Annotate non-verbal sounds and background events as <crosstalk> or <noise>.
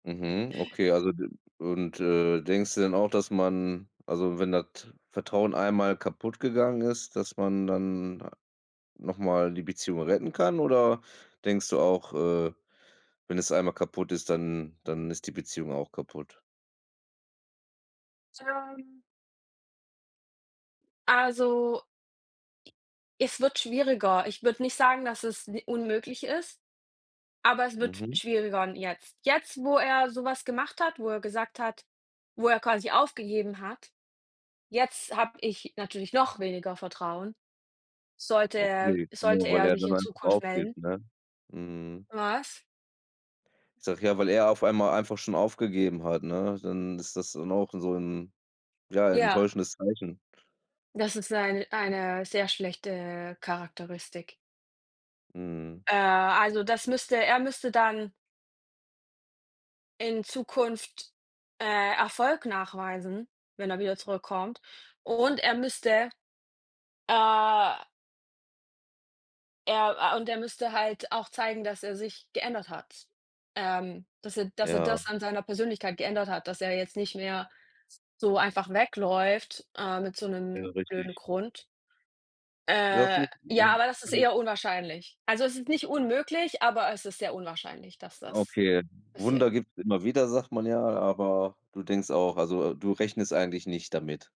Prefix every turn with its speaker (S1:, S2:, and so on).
S1: Mhm. Okay, also d und, äh, denkst du denn auch, dass man also wenn das Vertrauen einmal kaputt gegangen ist, dass man dann, ah, noch mal die Beziehung retten kann oder denkst du auch, äh, wenn es einmal kaputt ist, dann dann ist die Beziehung auch kaputt?
S2: Ähm. Also es wird schwieriger. Ich würde nicht sagen, dass es ni unmöglich ist, aber es wird
S1: Mhm.
S2: schwieriger n jetzt. Jetzt, wo er so was gemacht hat, wo er gesagt hat, wo er quasi aufgegeben hat, jetzt habe ich natürlich noch weniger Vertrauen, sollte er
S1: Okay, genau,
S2: sollte
S1: weil
S2: er
S1: er
S2: sich
S1: dann
S2: in
S1: einfach
S2: Zukunft melden.
S1: aufgibt, ne? Mm.
S2: Was?
S1: Ich sage ja, weil er auf einmal einfach schon aufgegeben hat, ne? Dann ist das dann auch so 'n, ja,
S2: Ja.
S1: enttäuschendes Zeichen.
S2: Das ist seine eine sehr schlechte Charakteristik.
S1: Mhm.
S2: Äh. Also das müsste er müsste dann in Zukunft, äh, Erfolg nachweisen, wenn er wieder zurückkommt. Und er müsste, äh er, äh und er müsste halt auch zeigen, dass er sich geändert hat. Ähm, dass er dass er
S1: Ja.
S2: das an seiner Persönlichkeit geändert hat, dass er jetzt nicht mehr s so einfach wegläuft, ähm, mit so
S1: Ja,
S2: 'nem
S1: richtig.
S2: blöden Grund.
S1: Ja,
S2: Äh.
S1: finde ich
S2: Ja, aber das ist
S1: <unintelligible>
S2: eher unwahrscheinlich. Also es ist nicht unmöglich, aber es ist sehr unwahrscheinlich, dass das
S1: Okay.
S2: passiert.
S1: Wunder gibt's immer wieder, sagt man ja, aber du denkst auch also du rechnest eigentlich nicht damit.